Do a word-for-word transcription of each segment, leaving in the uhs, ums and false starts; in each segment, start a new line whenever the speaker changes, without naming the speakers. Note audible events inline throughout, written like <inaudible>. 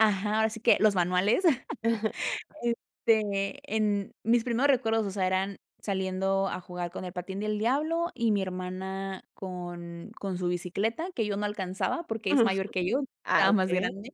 Ajá, ahora sí que los manuales.
<chuckles>
<laughs> Este, en mis primeros recuerdos, o sea, eran saliendo a jugar con el patín del diablo y mi hermana con con su bicicleta, que yo no alcanzaba porque es
Mm,
mayor que yo,
ah,
estaba más
okey.
grande.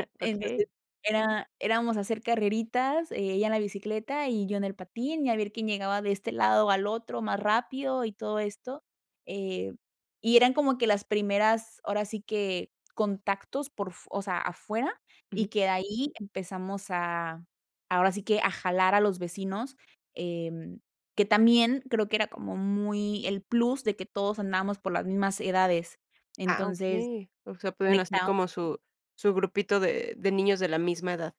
<chuckles> Okey.
Entonces, era éramos a hacer carreritas, eh, ella en la bicicleta y yo en el patín, y a ver quién llegaba de este lado al otro más rápido y todo esto, eh, y eran como que las primeras, ahora sí que contactos por f o sea, afuera,
Ujú.
y que de ahí empezamos a ahora sí que a jalar a los vecinos. Em, que también creo que era como muy el plus de que todos andábamos por las mismas edades.
Ah
Entonces
okey, ósea pueden hacer
conectados.
como su su grupito de de niñas de la misma edad.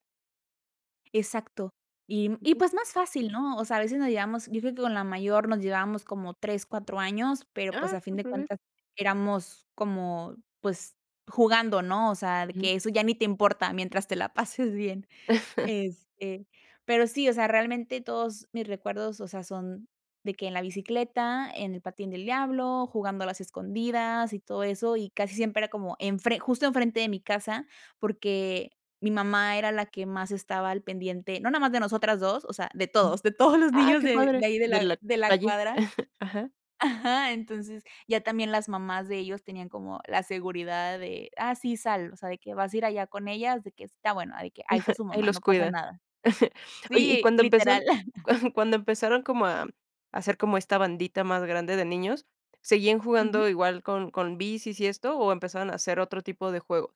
Exacto. Y y
Sí.
pues más fácil, ¿no? O sea, veces nos llevamos, yo creo que con la mayor nos llevábamos como tres, cuatro años, pero pues
Ah.
a fin de
Superbien.
cuentas éramos como pues jugando, ¿no? O sea,
Ujú.
que eso ya ni te importa mientras te la pases bien.
<chuckles>
Este, pero sí, o sea, realmente todos mis recuerdos, o sea, son de que en la bicicleta, en el patín del diablo, jugando a las escondidas y todo eso, y casi siempre era como enfre justo enfrente de mi casa, porque mi mamá era la que más estaba al pendiente, no nada más de nosotras dos, o sea, de todos, de todos los
Ah,
niños
qué
de
padre.
de ahí de
Y en
la
la
de la
calle.
cuadra,
<chuckles> Ajá.
ajá. Entonces ya también las mamás de ellos tenían como la seguridad de: "Ah, sí, sal" o sea, de que "vas a ir allá con ellas", de que "está bueno", de que "ahí está
<chuckles>
su
Ahí
mamá,
los
no pasa
cuidan.
nada".
<chuckles> Oye, y
Sí,
cuando empezaron
literal. <chuckles>
<chuckles> cuando empezaron como a a hacer como esta bandita más grande de niños, ¿seguían
Ujú.
jugando igual con con bicis y esto o empezaron a hacer otro tipo de juego?